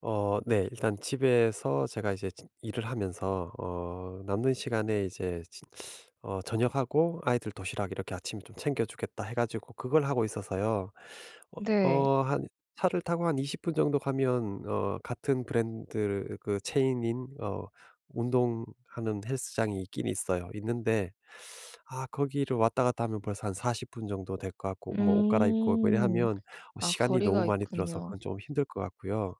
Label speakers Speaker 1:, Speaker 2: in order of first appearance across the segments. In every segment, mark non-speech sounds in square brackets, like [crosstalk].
Speaker 1: 어 네. 일단 집에서 제가 이제 진 일을 하면서 어 남는 시간에 이제 진 어 저녁하고 아이들 도시락 이렇게 아침에 좀 챙겨 주겠다 해 가지고 그걸 하고 있어서요. 어
Speaker 2: 네.
Speaker 1: 어 한 차를 타고 한 20 분 정도 가면 어 같은 브랜드를 그 체인인 어 운동하는 헬스장이 있긴 있어요 있는데 아 거기를 왔다 갔다 하면 벌써 한 40 분 정도 될 것 같고 뭐 옷 갈아입고 뭐 이래
Speaker 2: 음.
Speaker 1: 하면 어
Speaker 2: 아
Speaker 1: 시간이
Speaker 2: 거리가
Speaker 1: 너무 많이 들어서
Speaker 2: 있군요.
Speaker 1: 그건 좀 힘들 것 같고요.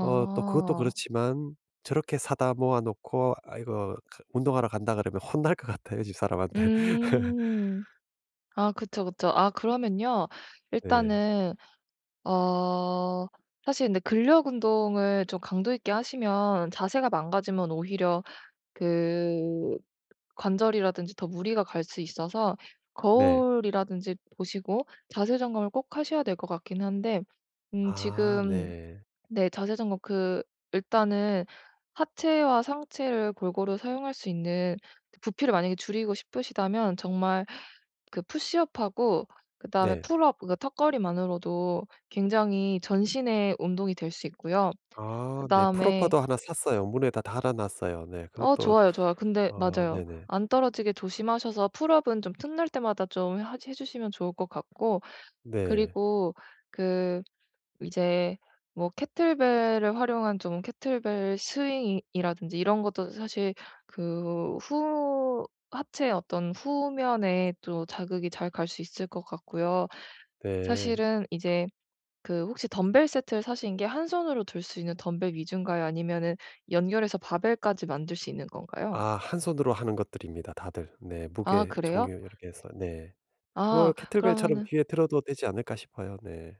Speaker 1: 어 또 그것도 그렇지만 저렇게 사다 모아 놓고 아 이거 그 운동하러 간다 그러면 혼날 것 같아요 집사람한테. [laughs]
Speaker 2: 음. 아 그쵸, 그쵸. 아 그러면요
Speaker 1: 예.
Speaker 2: 일단은 어 사실 근데 근력 운동을 좀 강도 있게 하시면 자세가 망가지면 오히려 그 관절이라든지 더 무리가 갈 수 있어서
Speaker 1: 네.
Speaker 2: 거울이라든지 보시고 자세 점검을 꼭 하셔야 될 것 같긴 한데 음
Speaker 1: 아
Speaker 2: 지금
Speaker 1: 네.
Speaker 2: 네 자세 점검 그 일단은 하체와 상체를 골고루 사용할 수 있는 부피를 만약에 줄이고 싶으시다면 정말 그 푸쉬업하고 그다음에
Speaker 1: 네.
Speaker 2: 풀업 그것 턱걸이만으로도 굉장히 전신의 운동이 될 수 있고요.
Speaker 1: 아 네 풀업
Speaker 2: 그다음에
Speaker 1: 바도 하나 샀어요 문에다 달아 놨어요 네.
Speaker 2: 어
Speaker 1: 그것도
Speaker 2: 좋아요, 좋아요. 근데
Speaker 1: 어
Speaker 2: 맞아요.
Speaker 1: 네네.
Speaker 2: 안 떨어지게 조심하셔서 풀업은 좀 틈날 때마다 좀 하지 해 주시면 좋을 것 같고
Speaker 1: 네.
Speaker 2: 그리고 그 이제 뭐 케틀벨을 활용한 좀 케틀벨 스윙이 이라든지 이런 것도 사실 그 후 하체의 어떤 후면에 또 자극이 잘 갈 수 있을 것 같고요.
Speaker 1: 예.
Speaker 2: 사실은 이제 그 혹시 덤벨 세트를 사신 게 한 손으로 들 수 있는 덤벨 위주인가요? 아니면은 연결해서 바벨까지 만들 수 있는 건가요?
Speaker 1: 아 한 손으로 하는 것들입니다 다들. 네
Speaker 2: 아
Speaker 1: 무게
Speaker 2: 그래요?
Speaker 1: 종류 이렇게 해서 네 그걸
Speaker 2: 아
Speaker 1: 케틀벨처럼
Speaker 2: 그러면은
Speaker 1: 뒤에 들어도 되지 않을까 싶어요. 네.